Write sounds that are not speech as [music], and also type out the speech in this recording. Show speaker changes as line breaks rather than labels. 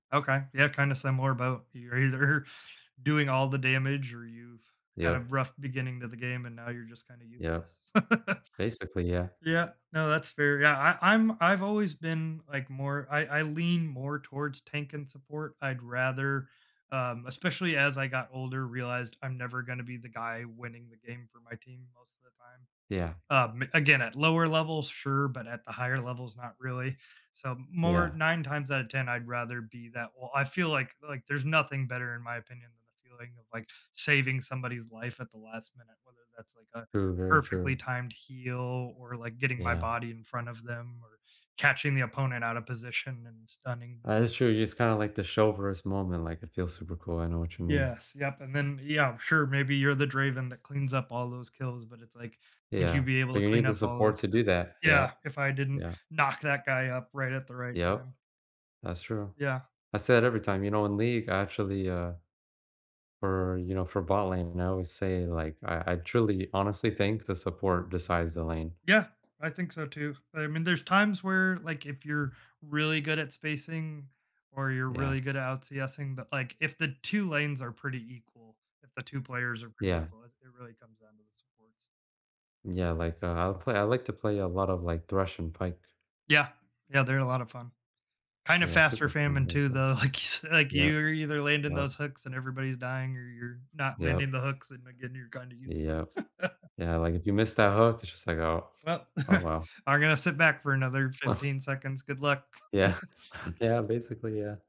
Okay, yeah, kinda similar boat. You're either doing all the damage or you've had a
Yeah.
rough beginning of the game and now you're just kinda
Yeah.
useless. [laughs]
Basically, yeah.
Yeah no, that's fair, yeah, I I I'm I've always been, like, more I I lean more towards tank and support; I'd rather, um, especially as I got older, realized I'm never gonna be the guy winning the game for my team most of the time.
Yeah.
Um, again, at lower levels, sure, but at the higher levels, not really. So, more
Yeah.
9 times outta 10 I'd rather be that well, I feel, like like, there's nothing better, in my opinion, than the feeling of, like, saving somebody's life at the last minute, whether that's, like, a
True, very
perfectly
true.
timed heel, or, like, getting my
Yeah.
body in front of them or catching the opponent outta position and stunning them.
That is true, you just kinda, like, the show verse moment, like, it feels super cool, I know what you mean.
Yes, yep, and then, yeah, sure, maybe you're the Draven that cleans up all those kills, but it's, like, "Would you
Yeah,
be able
but
to
you
clean
need the
up all
support
those
to do
kills?"
that,
Yeah,
yup.
if I didn't
Yeah.
knock that guy up, right at the right
Yup.
time?
That's true.
Yeah.
I say it every time, you know, in League, I actually, uh, for, you know, for bot-lane, I always say, like, I I truly honestly think the support decides the lane.
Yeah, I think so, too, I mean, there's times where, like, if you're really good at spacing or you're
Yeah.
really good at out CSing, but, like, if the 2 lanes are pretty equal, if the 2 players are pretty
Yeah.
equal, it it really comes down to the supports.
Yeah like, uh, I'll play I like to play a lot of, like, thrush and pike.
Yeah. Yeah, they're a lot of fun. Kind of
Yeah,
fast
super
or
fun,.
famine too,
[unintelligible]
though, like, you s like,
Yup.
you're either landing
Yup.
those hooks and everybody's dying or you're not landing
Yup.
the hooks and, again, you're kinda useless.
Yep.
[chuckles]
Yeah, like, if you miss that hook, it's just like, "Oh,
Well,
oh,
[chuckles]
wow."
I'm gonna sit back for another
[chuckles]
15 seconds, good luck.
Yeah.
[chuckles]
[chuckles] Yeah, basically, yeah.